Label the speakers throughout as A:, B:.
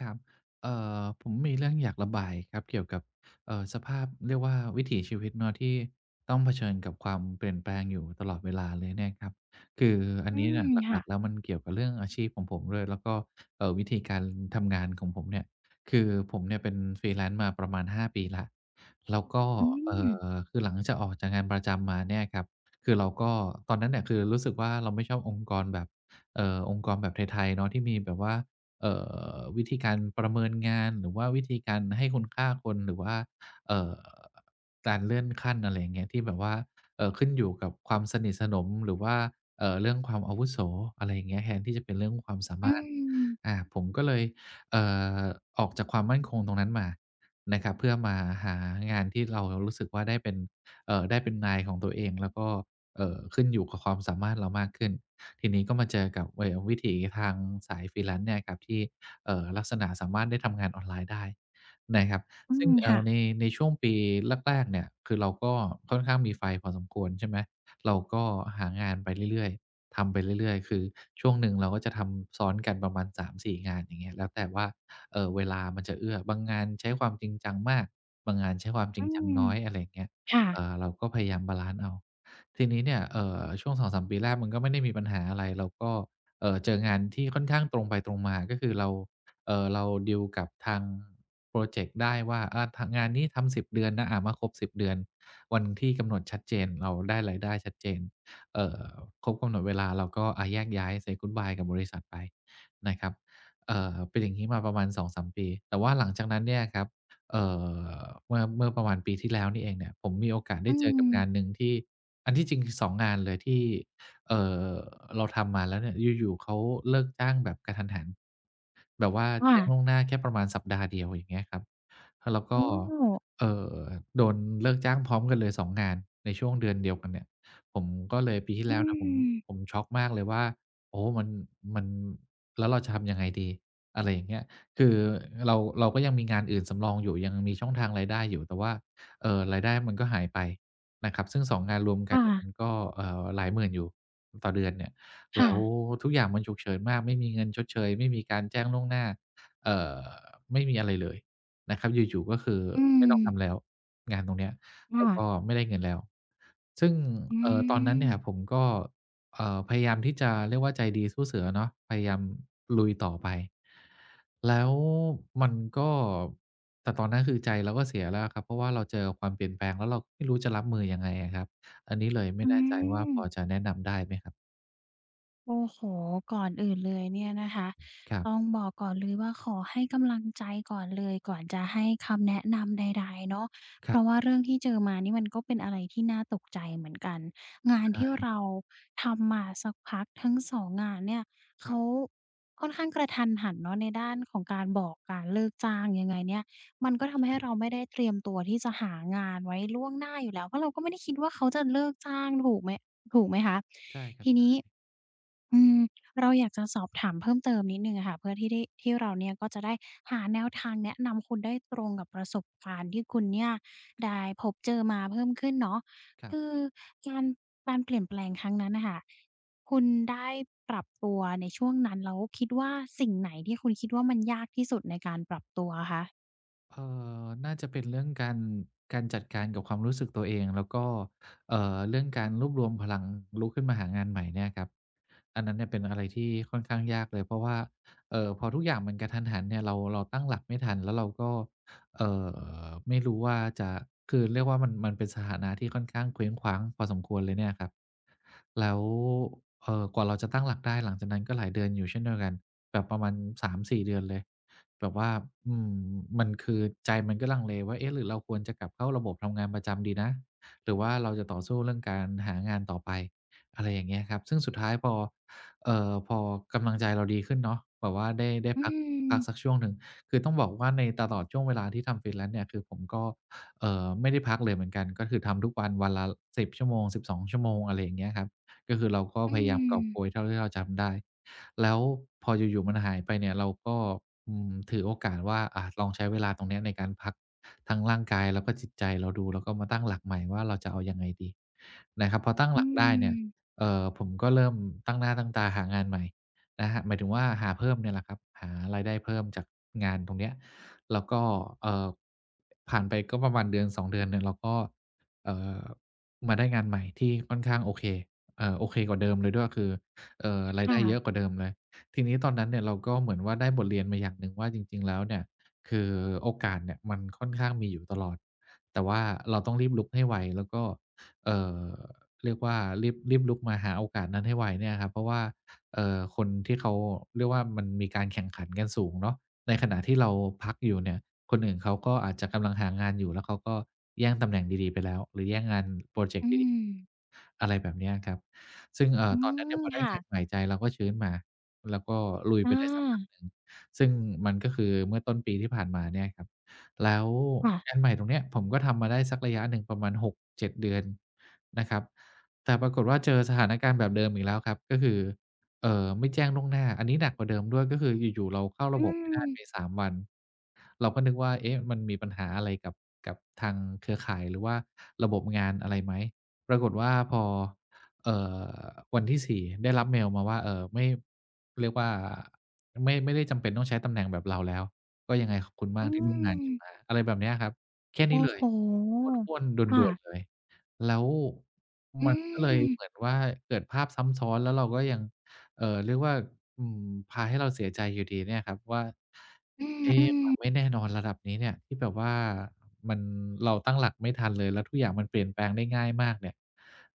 A: ครับ เอ่อ ผมมีเรื่องอยากระบายครับเกี่ยวกับ เอ่อ สภาพ เรียกว่า วิถีชีวิตเนาะที่ต้องเผชิญกับความเปลี่ยนแปลงอยู่ตลอดเวลาเลยเนี่ยครับ คืออั
B: อ
A: น
B: ื
A: นี้เนี
B: ม
A: ่ย
B: ค
A: หล
B: ่
A: ั
B: ะ
A: ก ๆ แล้วมันเกี่ยวกับเรื่องอาชีพของผมด้วย แล้วก็ เอ่อ วิธีการทำงานของผมเนี่ย คือผมเนี่ยเป็น freelance มาประมาณ 5 ปีแล้ว แล้วก็
B: อื
A: เอ่
B: ม
A: อ คือหลังจากออกจากงานประจำมาเนี่ยครับ คือเราก็ ตอนนั้นน่ะคือรู้สึกว่าเราไม่ชอบองค์กรแบบ เอ่อ องค์กรแบบไทย ๆ เนาะที่มีแบบว่า เอ่อ วิธี การประเมินงาน หรือว่าวิธีการให้คุณค่าคน หรือว่า เอ่อ การเลื่อนขั้น อะไรอย่างเงี้ย ที่แบบว่า เอ่อ ขึ้นอยู่กับความสนิทสนมหรือว่า เอ่อ เรื่องความอาวุโส อะไรอย่างเงี้ย แทนที่จะเป็นเรื่องความสา
B: อ
A: ม
B: ื
A: ารถ
B: ม
A: อ่า ผมก็เลย เอ่อ ออกจากความมั่นคงตรงนั้นมานะครับ เพื่อมาหางานที่เรา เรารู้สึกว่าได้เป็น เอ่อ ได้เป็นนายของตัวเอง แล้วก็ เอ่อ ขึ้นอยู่กับความสามารถเรามากขึ้น ทีนี้ก็มาเจอกับ เอ่อ วิถีทางสาย freelance เนี่ยครับที่ เอ่อ ลักษณะสามารถได้ทำงานออนไลน์ได้ นะครับ
B: อื
A: ซึ่
B: ม
A: ง เอ
B: ค
A: ่
B: ่
A: อ
B: ะ
A: ใน ในช่วงปีแรก ๆ เนี่ย คือเราก็ค่อนข้างมีไฟพอสมควร ใช่ไหม เราก็หางานไปเรื่อย ๆ ทำไปเรื่อย ๆ คือช่วงหนึ่งเราก็จะทำซ้อนกันประมาณ 3-4 งาน อย่างเงี้ย แล้วแต่ว่า เอ่อ เวลามันจะเอื้อ บางงานใช้ความจริงจังมาก บางงานใช้ความจ
B: อ
A: ริ
B: ื
A: งจัง
B: ม
A: น้อย อะไรอย่างเงี้ย
B: ค่
A: เอ
B: ะ
A: ่อ เราก็พยายามบาลันซ์เอา ทีนี้เนี่ย เอ่อ ช่วง 2-3 ปีแรกมันก็ไม่ได้มีปัญหาอะไร เราก็ เอ่อ เจองานที่ค่อนข้างตรงไปตรงมา ก็คือเรา เอ่อ เราดีลกับทางพรอเจกต์ได้ว่า อ่า ท งานนี้ทำ 10 เดือนนะ อ่า มาครบ 10 เดือน วันที่กำหนดชัดเจน เราได้รายได้ชัดเจน เอ่อ ครบกำหนดเวลาเราก็ อะ แยกย้าย say goodbye กับบริษัทไปนะครับ เอ่อ เป็นอย่างงี้มาประมาณ 2-3 ปี แต่ว่าหลังจากนั้นเนี่ยครับ เอ่อ เมื่อ เมื่อประมาณปีที่แล้วนี่เองเนี่ย ผมมีโอกาสไ
B: อ
A: ด
B: ื
A: ้เจอกับ ง
B: ม
A: านหนึ่งที่ อันที่จริงคือ 2 งานเลยที่ เอ่อ เราทำมาแล้วเนี่ย อยู่ ๆ เขาเลิกจ้างแบบกะทันหัน แบบว่า
B: ค่
A: แจ้ง
B: ะ
A: ล่วงหน้าแค่ประมาณสัปดาห์เดียว อย่างเงี้ยครับ เราก
B: โอ
A: ็
B: ้
A: เอ่อ โดนเลิกจ้างพร้อมกันเลย 2 งานในช่วงเดือนเดียวกันเนี่ย ผมก็เลย ปีที่
B: อื
A: แล้วเนี่ยผม
B: ม
A: ผมช็อก มากเลยว่า โอ้โฮ มัน มัน แล้วเราจะทำยังไงดี? อะไรอย่างเงี้ย คือเรา เราก็ยังมีงานอื่นสำรองอยู่ ยังมีช่องทางรายได้อยู่ แต่ว่า เอ่อ รายได้มันก็หายไปนะครับ ซึ่ง 2 งานรวม
B: ค
A: กั
B: ่
A: นเนี่ย ม
B: ะ
A: ันก็ เอ่อ หลายหมื่นอยู่ต่อเดือนเนี่ย
B: ค
A: แ
B: ่
A: ล้ว
B: ะ
A: ทุกอย่างมันฉุกเฉินมาก ไม่มีเงินชดเชย ไม่มีการแจ้งล่วงหน้า เอ่อ ไม่มีอะไรเลยนะครับ อยู่ ๆ ก็คือ
B: อื
A: ไม่ต้องท
B: ม
A: ำแล้วงานตรงเนี้ย
B: ค
A: แ
B: ่
A: ล้วก
B: ะ
A: ็ไม่ได้เงินแล้ว ซึ่ง
B: อื
A: เอ่อ ตอนนั้นเนี่ย
B: ม
A: ผมก็ เอ่อ พยายามที่จะ เรียกว่าใจดีสู้เสือเนาะ พยายามลุยต่อไป แล้วมันก็ แต่ตอนนั้นคือใจเราก็เสียแล้วอะครับ เพราะว่าเราเจอความเปลี่ยนแปลง แล้วเราไม่รู้จะรับมือยังไงอะครับ? อันนี้ เลยไม
B: อ
A: ่
B: ื
A: แน่ใจว่า พอ
B: ม
A: จะแนะนำได้ไหมครับ?
B: โอ้โฮ ก่อนอื่นเลยเนี่ยนะคะ
A: ครับ
B: ต้องบอกก่อนเลยว่า ขอให้กำลังใจก่อนเลย ก่อนจะให้คำแนะนำใด ๆ เนาะ
A: ค
B: เพ
A: รั
B: ร
A: บ
B: าะว่าเรื่องที่เจอมานี่มันก็เป็นอะไรที่น่าตกใจเหมือนกัน งา
A: ใช
B: นที่
A: ่
B: เราทำมาสักพักทั้ง 2 งานเนี่ย
A: ค
B: เข
A: รับ
B: าค่อนข้างกระทันหันเนาะในด้านของการบอกการเลิกจ้าง ยังไงเนี่ย มันก็ท
A: ใช
B: ำใ
A: ่
B: ห้
A: คร
B: เ
A: ั
B: ร
A: บ
B: าไม่ได้เตรียมตัวที่จะหางานไว้ล่วงหน้าอยู่แล้ว เพราะเราก็ไม่ได้คิดว่า เขาจะเลิกจ้างถูกไหม ถูกไหมคะ?
A: ใช่ครั
B: ท
A: บ
B: ี
A: ใช
B: น
A: ่
B: ี้ อืม เราอยากจะสอบถามเพิ่มเติมนิดหนึ่งอะค่ะ เพื่อที่ได้ ที่เราเนี่ยก็จะได้หาแนวทางแนะนำคุณได้ตรงกับประสบการณ์ที่คุณเนี่ยได้พบเจอมาเพิ่มขึ้นเนาะ
A: คร
B: ค
A: ับ
B: ือการ การเปลี่ยนแปลงครั้งนั้นน่ะค่ะ คุณได้ปรับตัวในช่วงนั้น แล้วคิดว่า สิ่งไหนที่คุณคิดว่ามันยากที่สุดในการปรับตัวอะคะ?
A: เอ่อ น่าจะเป็นเรื่องการ การจัดการกับความรู้สึกตัวเอง แล้วก็ เอ่อ เรื่องการรวบรวมพลังลุกขึ้นมาหางานใหม่เนี่ยครับ อันนั้นเนี่ยเป็นอะไรที่ค่อนข้างยากเลย เพราะว่า เอ่อ พอทุกอย่างมันกระทันหันเนี่ย เรา เราตั้งหลักไม่ทัน แล้วเราก็ เอ่อ ไม่รู้ว่าจะ คือเรียกว่ามัน มันเป็นสถานะที่ค่อนข้างเคว้งคว้างพอสมควรเลยเนี่ยครับ แล้ว เอ่อ กว่าเราจะตั้งหลักได้หลังจากนั้นก็หลายเดือนอยู่เช่นเดียวกัน แบบประมาณ 3-4 เดือนเลย แบบว่า อือ มันคือใจมันก็ลังเลว่า เอ๊ะ หรือเราควรจะกลับเข้าระบบทำงานประจำดีนะ? หรือว่าเราจะต่อสู้เรื่องการหางานต่อไป? อะไรอย่างเงี้ยครับ ซึ่งสุดท้ายพอ เอ่อ พอกำลังใจเราดีขึ้นเนาะ แบบว่าได้ ได้
B: อื
A: พัก พัก
B: ม
A: สักช่วงหนึ่ง คือต้องบอกว่าในตลอดช่วงเวลาที่ทำ freelance เนี่ย คือผมก็ เอ่อ ไม่ได้พักเลยเหมือนกัน ก็คือทำทุกวันวันละ 10 ชั่วโมง 12 ชั่วโมง อะไรอย่างเงี้ยครับ ก็คือเราก็
B: อื
A: พยายาม กอบ
B: ม
A: โกยเท่าที่เราจำได้ แล้วพออยู่ ๆ มันหายไปเนี่ย เราก็ อืม ถือโอกาสว่า อ่า ลองใช้เวลาตรงเนี้ยในการพักทั้งร่างกายแล้วก็จิตใจเราดู แล้วก็มาตั้งหลักใหม่ว่า เราจะเอายังไงดี? นะครับ พอตั้ง
B: อื
A: หลักได้เนี่ย
B: ม
A: เอ่อ ผมก็เริ่มตั้งหน้าตั้งตาหางานใหม่นะครับ หมายถึงว่าหาเพิ่มเนี่ยแหละครับ หารายได้เพิ่มจากงานตรงเนี้ย แล้วก็ เอ่อ ผ่านไปก็ประมาณ 1-2 เดือนเนี่ย เราก็ เอ่อ มาได้งานใหม่ที่ค่อนข้างโอเค เอ่อ โอเคกว่าเดิมเลยด้วยคือ เอ่อ รา
B: ค
A: ยไ
B: ่
A: ด้เ
B: ะ
A: ยอะกว่าเดิมเลย ทีนี้ตอนนั้นเนี่ยเราก็เหมือนว่า ได้บทเรียนมาอย่างหนึ่งว่า จริง ๆ แล้วเนี่ย คือโอกาสเนี่ยมันค่อนข้างมีอยู่ตลอด แต่ว่าเราต้องรีบลุกให้ไว แล้วก็ เอ่อ เรียกว่า รีบ รีบลุกมาหาโอกาสนั้นให้ไว เนี่ยครับเพราะว่า เอ่อ คนที่เขา เรียกว่ามันมีการแข่งขันกันสูงเนาะ ในขณะที่เราพักอยู่เนี่ย คนอื่นเขาก็อาจจะกำลังหางานอยู่ แล้วเขาก็แย่งตำแหน่งดี ๆ ไปแล้วหรือแย่งงานพรอเจ
B: อ
A: ก
B: ื
A: ต์ดี
B: ม
A: ๆ อะไรแบบเนี้ยครับ ซึ่ง เอ่
B: อื
A: อ ตอน นั้นเนี่
B: ม
A: ยพอได
B: ค
A: ้
B: ่
A: งา
B: ะ
A: นใหม่ใจเราก็ชื้นมา แล้วก็ลุยไ
B: อ
A: ป ได้สักพัก
B: า
A: หนึ่ง ซึ่งมันก็คือเมื่อต้นปีที่ผ่านมาเนี่ยครับ แล้ว
B: ค่ะ
A: งานใหม่ตรงเนี้ย ผมก็ทำมาได้สักระยะหนึ่งประมาณ 6-7 เดือนนะครับ แต่ปรากฏว่า เจอสถานการณ์แบบเดิมอีกแล้วครับ ก็คือ เอ่อ ไม่แจ้งล่วงหน้า อันนี้หนักกว่าเดิมด้วยก็คืออยู่ ๆ เราเข้าร
B: อื
A: ะบบไม่ได้
B: ม
A: ไป 3 วัน เราก็นึกว่า เอ๊ะ มันมีปัญหาอะไรกับ กับทางเครือข่ายหรือว่าระบบงานอะไรไหม? ปรากฏว่าพอ เอ่อ วันที่ 4 ได้รับเมล์มาว่า เอ่อ ไม่ เรียกว่า ไม่ ไม่ได้จำเป็นต้องใช้ตำแหน่งแบบเราแล้ว ก็ยังไงขอบคุณม
B: อ
A: า
B: ื
A: กที่ ร่วมงานกั
B: ม
A: นมา อะไรแบบเนี้ยครับ แค่
B: โอ
A: น
B: ้
A: ี้เล
B: โฮ
A: ย "ห้วน ๆ ด
B: ค่
A: ่ว
B: ะ
A: น ๆ" เลย แล้ว
B: อื
A: มัน ก็เลย
B: ม
A: เหมือนว่าเกิดภาพซ้ำซ้อน แล้วเราก็ยัง เอ่อ เรียกว่า อืม พาให้เราเสียใจอยู่ดีเนี่ยครับว่า
B: อื
A: เอ๊ ควา
B: ม ๆ
A: ม ไม่แน่นอนระดับนี้เนี่ย ที่แบบว่า มัน เราตั้งหลักไม่ทันเลย แล้วทุกอย่างมันเปลี่ยนแปลงได้ง่ายมากเนี่ย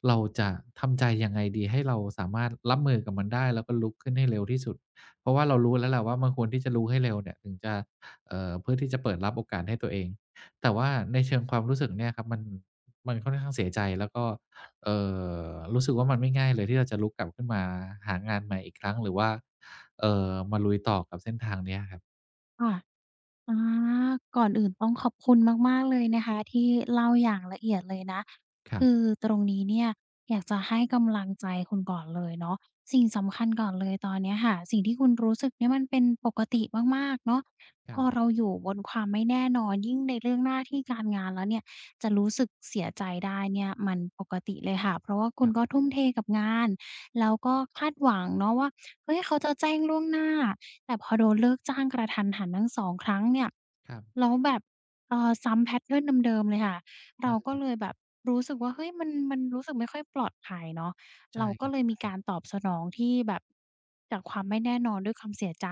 A: เราจะทำใจยังไงดี? ให้เราสามารถรับมือกับมันได้ แล้วก็ลุกขึ้นให้เร็วที่สุด เพราะว่าเรารู้แล้วแหละว่า มันควรที่จะลุกให้เร็วเนี่ย ถึงจะ เอ่อ เพื่อที่จะเปิดรับโอกาสให้ตัวเอง แต่ว่าในเชิงความรู้สึกเนี่ยครับมัน มันค่อนข้างเสียใจ แล้วก็ เอ่อ รู้สึกว่ามันไม่ง่ายเลย ที่เราจะลุกกลับขึ้นมา หางานใหม่อีกครั้ง หรือว่า เอ่อ มาลุยต่อกับเส้นทางเนี้ยครับ
B: ค่ะ อา ก่อนอื่นต้องขอบคุณมาก ๆ เลยนะคะที่เล่าอย่างละเอียดเลยนะ
A: คร
B: ค
A: ับ
B: ือตรงนี้เนี่ย อยากจะให้กำลังใจคุณก่อนเลยเนาะ สิ่งสำคัญก่อนเลยตอนเนี้ยค่ะ สิ่งที่คุณรู้สึกเนี่ยมันเป็นปกติมาก ๆ เนาะ
A: ครั
B: พ
A: บ
B: อเราอยู่บนความไม่แน่นอน ยิ่งในเรื่องหน้าที่การงานแล้วเนี่ย จะรู้สึกเสียใจได้เนี่ย มันปกติเลยค่ะ เพราะว่าคุ
A: ค
B: ณ
A: รับ
B: ก็ทุ่มเทกับงานแล้วก็คาดหวังเนาะว่า เฮ้ย เขาจะแจ้งล่วงหน้า แต่พอโดนเลิกจ้างกระทันหันทั้ง 2 ครั้งเนี่ย
A: ครับ
B: แล้วแบบ เอ่อ ซ้ำ แพตเทิร์น เดิม ๆ เลยค่ะ
A: ใ
B: เ
A: ช
B: ราก็
A: ่
B: เลยแบบรู้สึกว่า เฮ้ย มัน มันรู้สึกไม่ค่อยปลอดภัยเนาะ
A: ใช
B: เ
A: ่
B: ราก
A: ค
B: ็
A: รับ
B: เลย
A: ใช
B: มี
A: ่
B: การตอบสนองที่แบบ จากความไม่แน่นอนด้วยความเสียใจ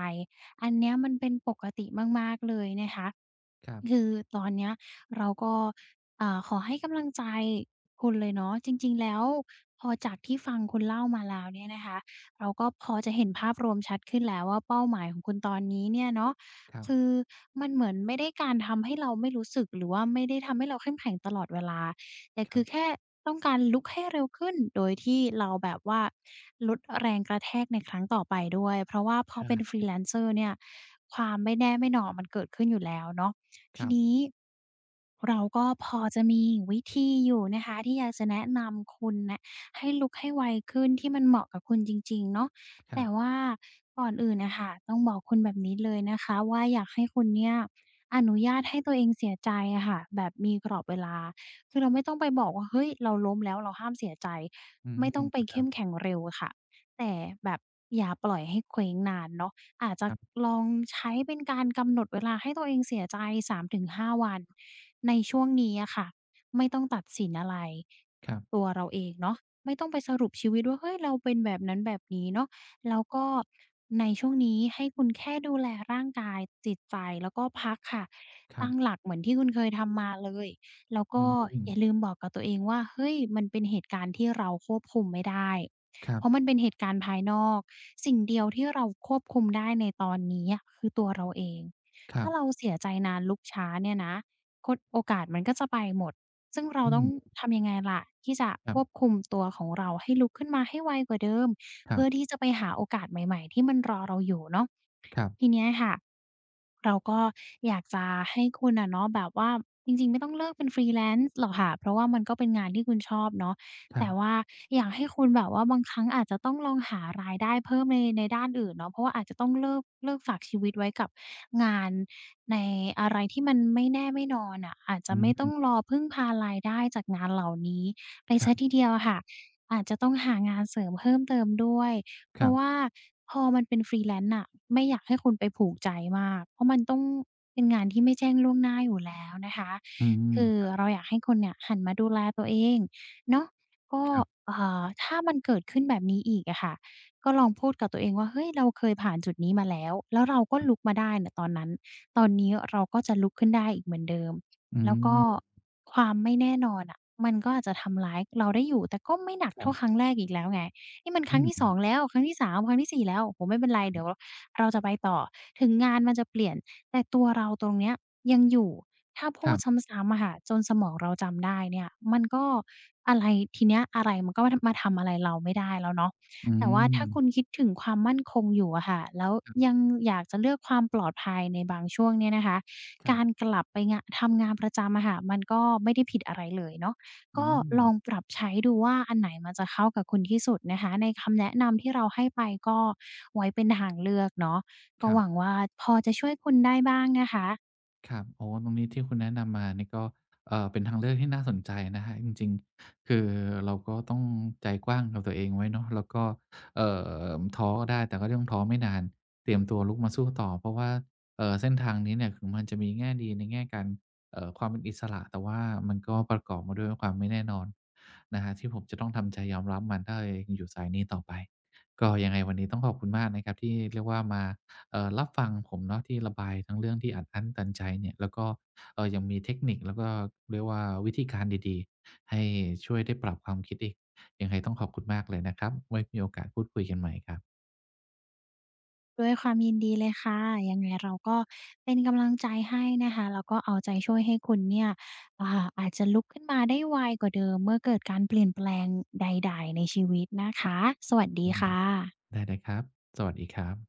B: อันเนี้ยมันเป็นปกติมาก ๆ เลยนะคะ
A: ครับ
B: คือ ตอนเนี้ยเราก็ อ่า ขอให้กำลังใจคุณเลยเนาะ จริง ๆ แล้วพอจากที่ฟังคุณเล่ามาแล้วเนี่ยนะคะ เราก็พอจะเห็นภาพรวมชัดขึ้นแล้วว่า เป้าหมายของคุณตอนนี้เนี่ยเนาะ
A: ครั
B: ค
A: บ
B: ือมันเหมือนไม่ได้การทำให้เราไม่รู้สึก หรือว่าไม่ได้ทำให้เราเข้มแข็งตลอดเวลา แต่
A: ค
B: ค
A: รั
B: ือ
A: บ
B: แค่ต้องการลุกให้เร็วขึ้น โดยที่เราแบบว่า ลดแรงกระแทกในครั้งต่อไปด้วย เพราะว่าพ
A: ใ
B: อ
A: ช่
B: เป็น freelancer เนี่ย ความไม่แน่ไม่นอนมันเกิดขึ้นอยู่แล้วเนาะ ท
A: ค
B: ี
A: รับ
B: นี้ เราก็พอจะมีวิธีอยู่นะคะ ที่อยากจะแนะนำคุณน่ะให้ลุกให้ไวขึ้น ที่มันเหมาะกับคุณจริง ๆ เนาะ
A: ค
B: แ
A: ร
B: ต
A: ั
B: ่
A: บ
B: ว่าก่อนอื่นน่ะค่ะ ต้องบอกคุณแบบนี้เลยนะคะว่า อยากให้คุณเนี่ยอนุญาตให้ตัวเองเสียใจอะค่ะ แบบมีกรอบเวลา คือเราไม่ต้องไปบอกว่า "เฮ้ย เราล้มแล้วเราห้ามเสียใจ"
A: อื
B: ไม่ต้อง
A: ม
B: ไป
A: ค
B: เข
A: รั
B: ้
A: บ
B: มแข็งเร็วค่ะ แต่แบบอย่าปล่อยให้เคว้งนานเนาะ อาจจะ
A: ครับ
B: ลองใช้เป็นการกำหนดเวลาให้ตัวเองเสียใจ 3 ถึง 5 วัน ในช่วงนี้อะคะ ไม่ต้องตัดสินอะไร
A: ครับ
B: ตัวเราเองเนาะ ไม่ต้องไปสรุปชีวิตว่า เฮ้ย เราเป็นแบบนั้นแบบนี้เนาะ แล้วก็ในช่วงนี้ให้คุณแค่ดูแลร่างกายจิตใจแล้วก็พักค่ะ
A: คร
B: ต
A: ั
B: ั้ง
A: บ
B: หลักเหมือนที่คุณเคยทำมาเลย แล้วก
A: อื
B: ็อย่
A: ม
B: าลืมบอกกับตัวเองว่า เฮ้ย มันเป็นเหตุการณ์ที่เราควบคุมไม่ได้
A: ครั
B: เพร
A: บ
B: าะมันเป็นเหตุการณ์ภายนอก สิ่งเดียวที่เราควบคุมได้ในตอนนี้อะคือตัวเราเอง
A: ค
B: ถ
A: ร
B: ้
A: ั
B: า
A: บ
B: เราเสียใจนานลุกช้าเนี่ยนะ คน โอกาสมันก็จะไปหมด ซึ่งเร
A: อ
B: า
A: ื
B: ต้อง
A: ม
B: ทำยังไงล่ะ? ที่จะ
A: คร
B: คว
A: ับ
B: บคุม ตัวของเราให้ลุกขึ้นมาให้ไวกว่าเดิม
A: ค
B: เ
A: ร
B: พ
A: ั
B: ื่
A: บ
B: อที่จะไปหาโอกาสใหม่ ๆ ที่มันรอเราอยู่เนาะ
A: ครับ
B: ทีเนี้ยค่ะ เราก็อยากจะให้คุณน่ะเนาะแบบว่า จริง ๆ ไม่ต้องเลิกเป็น freelance หรอกค่ะ เพราะว่ามันก็เป็นงานที่คุณชอบเนาะ
A: คร
B: แ
A: ั
B: ต่
A: บ
B: ว่าอยากให้คุณแบบว่า บางครั้งอาจจะต้องลองหารายได้เพิ่มใน ในด้านอื่นเนาะ เพราะว่าอาจจะต้องเลิก เลิกฝากชีวิตไว้กับงานในอะไรที่มันไม่แน่ไม่นอนน่ะ อาจจ
A: อื
B: ะ
A: อ
B: ไม่
A: ฮ
B: ต้อง
A: ึ
B: รอพึ่งพารายได้จากงานเหล่านี้ไป
A: ค
B: เ
A: ร
B: ส
A: ั
B: ีย
A: บ
B: ทีเดียวอะคะ อาจจะต้องหางานเสริมเพิ่มเติมด้วย เพ
A: ค
B: ร
A: ร
B: า
A: ั
B: ะ
A: บ
B: ว่าพอมันเป็น freelance น่ะ ไม่อยากให้คุณไป ผูกใจมาก เพราะมันต้องเป็นงานที่ไม่แจ้ง ล่วงหน้าอยู่แล้วนะคะ
A: อือฮ
B: คือ
A: ึ
B: เราอยากให้คนเนี่ยหันมาดูแลตัวเองเนาะ ก็
A: ครับ
B: อ่า ถ้ามันเกิดขึ้นแบบนี้อีกอะคะ ก็ลองพูดกับตัวเองว่า เฮ้ย เราเคยผ่านจุดนี้มาแล้ว แล้วเราก็
A: ครับ
B: ลุกมาได้เนี่ยตอนนั้น ตอนนี้เราก็จะลุกขึ้นได้อีกเหมือนเดิม
A: อื
B: แล้วก็
A: ม
B: ความไม่แน่นอนน่ะ มันก็อาจจะทำร้ายเราได้อยู่ แต่ก็ไม่หนัก
A: ค่
B: เท่า
A: ะ
B: ครั้งแรกอีกแล้วไง นี่มันค
A: อ
B: ร
A: ื
B: ั้งท
A: อ
B: ี่
A: ฮ
B: ส
A: ื
B: อง แล้ว ครั้งที่ 3 ครั้งที่ 4 แล้ว โอ้โฮ ไม่เป็นไร
A: คร
B: เดี๋ย
A: ับ
B: วเราจะไปต่อ ถึงงานมันจะเปลี่ยน แต่ตัวเราตรงเนี้ยยังอยู่ ถ้าพ
A: ค
B: ู
A: รั
B: ด
A: บ
B: ซ้ำ ๆ อะค่ะ จนสมองเราจำได้เนี่ย มันก็อะไร ทีเนี้ยอะไรมันก็ ท มาทำอะไรเราไม่ได้แล้วเนาะ
A: อ
B: แต่ว่าถ้าค
A: ืม
B: ุณคิดถึงความมั่นคงอยู่อะคะ แล้ว
A: ครับ
B: ยังอยากจะเลือกความปลอดภัยในบางช่วงเนี้ยนะคะ
A: คร
B: ก
A: ับ
B: ารกลับไปงาน ทำงานประจำอะคะ มันก็ไม่ได้ผิดอะไร เลยเนาะ
A: อื
B: ก็ล
A: ม
B: องปรับใช้ดูว่า อันไหนมันจะเข้ากับคุณที่สุดนะคะ ในคำแนะนำที่เราให้ไปก็ไว้เป็นทางเลือก เนาะ ก
A: ค
B: ็
A: รั
B: ห
A: บ
B: วังว่า พอจะช่วยคุณได้บ้างนะคะ
A: ครับ อ๋อ ตรงนี้ที่คุณแนะนำมานี่ก็ เอ่อ เป็นทางเลือกที่น่าสนใจนะครับ จริง ๆ คือเราก็ต้องใจกว้างกับตัวเองไว้เนาะ แล้วก็ เอ่อ ม ท้อได้ แต่ก็ต้องท้อไม่นาน เตรียมตัวลุกมาสู้ต่อ เพราะว่า เอ่อ เส้นทางนี้เนี่ย ถึงมันจะมีแง่ดีในแง่การ เอ่อ ความเป็นอิสระ แต่ว่ามันก็ประกอบมาด้วย น ความไม่แน่นอน นะครับที่ผมจะต้องทำใจยอมรับมัน ถ้าเรายังอยู่สายนี้ต่อไป ก็ยังไงวันนี้ต้องขอบคุณมากนะครับที่เรียกว่ามา เอ่อ รับฟังผมเนาะ ที่ระบายทั้งเรื่องที่อัดอั้นตันใจเนี่ย แล้วก็ เอ่อ ยังมีเทคนิคแล้วก็ เรียกว่า วิธีการดี ๆ ให้ช่วยได้ปรับความคิดอีก ยังไงต้องขอบคุณมากเลยนะครับ ไว้ มีโอกาสพูดคุยกันใหม่ครับ
B: ด้วยความยินดีเลยค่ะ ยังไงเราก็เป็นกำลังใจให้นะคะ แล้วก็เอาใจช่วยให้คุณเนี่ย อ่า อาจจะลุกขึ้นมาได้ไวกว่าเดิมเมื่อเกิดการเปลี่ยนแปลงใด ๆ ในชีวิตนะคะ สวัสด
A: อ
B: ี
A: ื
B: ค
A: ม
B: ่ะ
A: ได้ ๆ ครับ สวัสดีครับ